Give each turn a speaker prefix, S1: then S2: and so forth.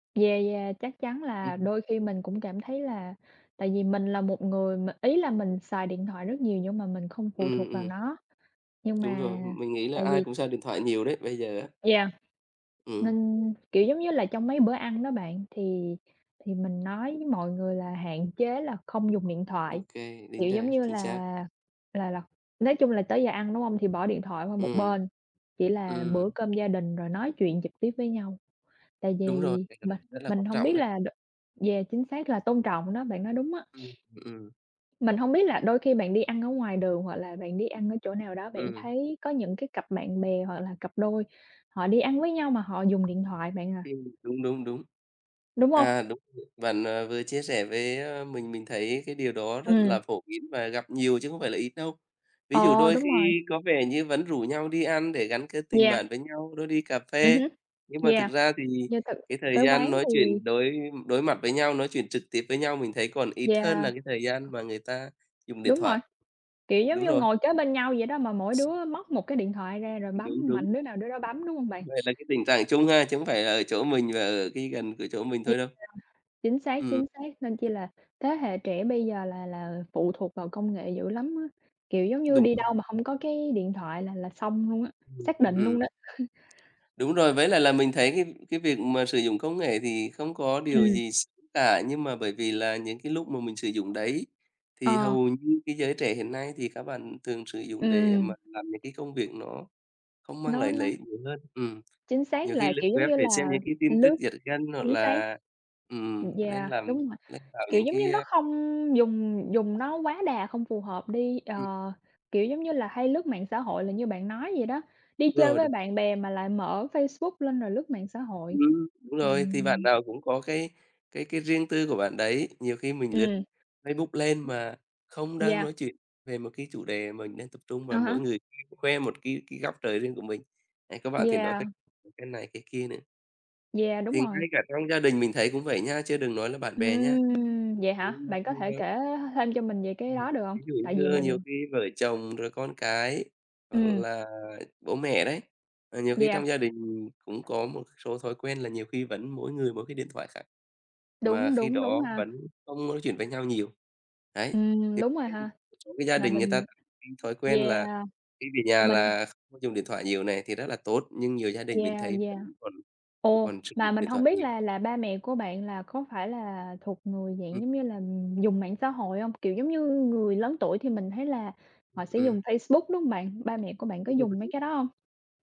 S1: Yeah, yeah, chắc chắn
S2: Ừm.
S1: là đôi khi mình cũng cảm thấy là tại vì mình là một người mà ý là mình xài điện thoại rất nhiều nhưng mà mình không phụ
S2: Ừm,
S1: thuộc vào
S2: ừm.
S1: nó, nhưng
S2: Đúng
S1: mà,
S2: rồi, mình nghĩ là
S1: tại
S2: ai
S1: vì
S2: cũng xài điện thoại nhiều đấy, bây giờ á.
S1: Yeah. Nên,
S2: Ừm.
S1: kiểu, giống như là, trong mấy bữa ăn đó bạn thì thì mình nói với mọi người là hạn chế là không dùng điện
S2: Ô
S1: thoại,
S2: kê, đính
S1: kiểu,
S2: đa,
S1: giống như
S2: chính
S1: là
S2: xác.
S1: là là nói chung là tới giờ ăn đúng hông, thì bỏ điện thoại qua một
S2: Ừm.
S1: bên, chỉ là bữa
S2: Ừm.
S1: cơm gia đình rồi nói chuyện trực tiếp với nhau. Tại
S2: Đúng rồi,
S1: vì mình
S2: [unintelligible] rất là
S1: mình
S2: quan
S1: hông biết
S2: trọng đấy.
S1: đ yeah, chính xác là tôn trọng đó, bạn nói đúng á.
S2: Ừm, ừm.
S1: Mình hông biết là đôi khi bạn đi ăn ở ngoài đường hoặc là bạn đi ăn ở chỗ nào đó bạn
S2: Ừm.
S1: thấy có những cái cặp bạn bè hoặc là cặp đôi họ đi ăn với nhau mà họ dùng điện thoại bạn à.
S2: Ừm, đúng, đúng, đúng.
S1: Đúng hông?
S2: À, đúng. Bạn, ờ, vừa chia sẻ với mình, mình thấy cái điều đó rất là
S1: Ừm.
S2: phổ biến và gặp nhiều chứ không phải là ít đâu. Ví dụ
S1: Ờ,
S2: đôi
S1: đúng rồi.
S2: khi có vẻ như vẫn rủ nhau đi ăn để gắn kết tình
S1: Yeah.
S2: bạn với nhau, đưa đi cà
S1: Ừm
S2: phê.
S1: hứm.
S2: Nhưng mà thực
S1: Yeah.
S2: ra thì
S1: Yeah, tự
S2: cái thời
S1: tới quán
S2: gian nói
S1: thì
S2: chuyện đối đối mặt với nhau, nói chuyện trực tiếp với nhau mình thấy còn ít hơn là
S1: Yeah.
S2: cái thời gian mà người ta dùng điện
S1: Đúng rồi,
S2: thoại.
S1: kiểu, giống
S2: Đúng
S1: như
S2: rồi.
S1: ngồi kế bên nhau vậy đó mà mỗi đứa móc một cái điện thoại ra rồi bấm,
S2: Đúng, đúng.
S1: mạnh đứa nào đứa đó bấm, đúng hông bạn?
S2: Vậy là cái tình trạng chung ha, chứ hông phải là ở chỗ mình, à, ở cái gần của chỗ mình
S1: [unintelligible]
S2: thôi đâu.
S1: Chính xác,
S2: Ừm.
S1: chính xác. Nên chi là thế hệ trẻ bây giờ là là phụ thuộc vào công nghệ dữ lắm á, kiểu, giống như
S2: Đúng
S1: đi
S2: rồi.
S1: đâu mà hông có cái điện thoại là là xong luôn á,
S2: Ừm,
S1: xác định
S2: ừm.
S1: luôn đó.
S2: Đúng rồi, với lại là mình thấy cái cái việc mà sử dụng công nghệ thì không có điều
S1: Ừm.
S2: gì x cả, nhưng mà bởi vì là những cái lúc mà mình sử dụng đấy thì
S1: Ờ.
S2: hầu như cái giới trẻ hiện nay thì các bạn thường sử dụng để
S1: Ừm.
S2: mà làm những cái công việc nó không mang
S1: Nó,
S2: lại lợi
S1: nó
S2: ích nhiều hơn ừm,
S1: Chính xác
S2: nhiều khi
S1: là,
S2: lướt
S1: kiểu, giống
S2: web
S1: như
S2: để
S1: là
S2: xem những cái tin tức
S1: lướt
S2: giật gân hoặc
S1: chính xác.
S2: là,
S1: Ừm,
S2: ừm, nên
S1: yeah,
S2: là
S1: đúng mà,
S2: lên vào
S1: kiểu,
S2: những
S1: giống như
S2: cái,
S1: nó
S2: a
S1: không dùng dùng nó quá đà không phù hợp đi, ờ,
S2: Ừm.
S1: kiểu, giống như là hay lướt mạng xã hội là như bạn nói vậy đó, đi
S2: Đúng
S1: chơi
S2: rồi,
S1: với
S2: đúng.
S1: bạn bè mà lại mở Facebook lên rồi lướt mạng xã hội.
S2: Ừm, đúng rồi,
S1: Mình
S2: thì bạn nào cũng có cái cái cái riêng tư của bạn đấy. Nhiều khi mình lướt
S1: Ừm.
S2: Facebook lên mà không đang
S1: Yeah.
S2: nói chuyện về một cái chủ đề mình đang tập trung
S1: À
S2: và mỗi
S1: há.
S2: người khoe một cái cái góc trời riêng của mình. Đấy có bạn thì nói
S1: Yeah.
S2: [unintelligible] cái này, cái kia nữa.
S1: Yeah, đúng
S2: Thì
S1: rồi.
S2: ngay cả trong gia đình mình thấy cũng vậy nhá, chứ đừng nói là bạn bè nhá.
S1: Ừm. Vậy hả? Bạn có thể
S2: [unintelligible]
S1: kể th thêm cho mình về cái
S2: Ừm,
S1: đó, được hông?
S2: ví dụ
S1: Tại vì
S2: như nhiều
S1: mình
S2: khi vợ chồng rồi con cái hoặc
S1: Ừm.
S2: là bố mẹ đấy, ờ, nhiều khi
S1: Yeah.
S2: trong gia đình cũng có một số thói quen là nhiều khi vẫn mỗi người mỗi cái điện thoại khác. Mà
S1: Đúng,
S2: khi
S1: đúng, đúng
S2: đó
S1: ha.
S2: vẫn không nói chuyện với nhau nhiều, đấy,
S1: Ừm, đúng rồi ha.
S2: [unintelligible] một số cái gia
S1: Mà
S2: đình người ta
S1: mình
S2: [unintelligible] thói quen
S1: yeah.
S2: là khi về nhà
S1: Mình
S2: là không dùng điện thoại nhiều này, thì rất là tốt, nhưng nhiều gia đình mình
S1: Yeah,
S2: thấy
S1: yeah.
S2: vẫn còn
S1: Ồ,
S2: còn sử
S1: mà
S2: dụng
S1: mình
S2: điện
S1: hông
S2: thoại
S1: biết
S2: nhiều.
S1: là là ba mẹ của bạn là có phải là thuộc người dạng,
S2: Ừm.
S1: giống như là, dùng mạng xã hội hông? Kiểu, giống như người lớn tuổi thì mình thấy là họ sẽ
S2: Ừm.
S1: dùng Facebook, đúng hông bạn? Ba mẹ của bạn có dùng mấy
S2: [unintelligible]
S1: cái đó hông?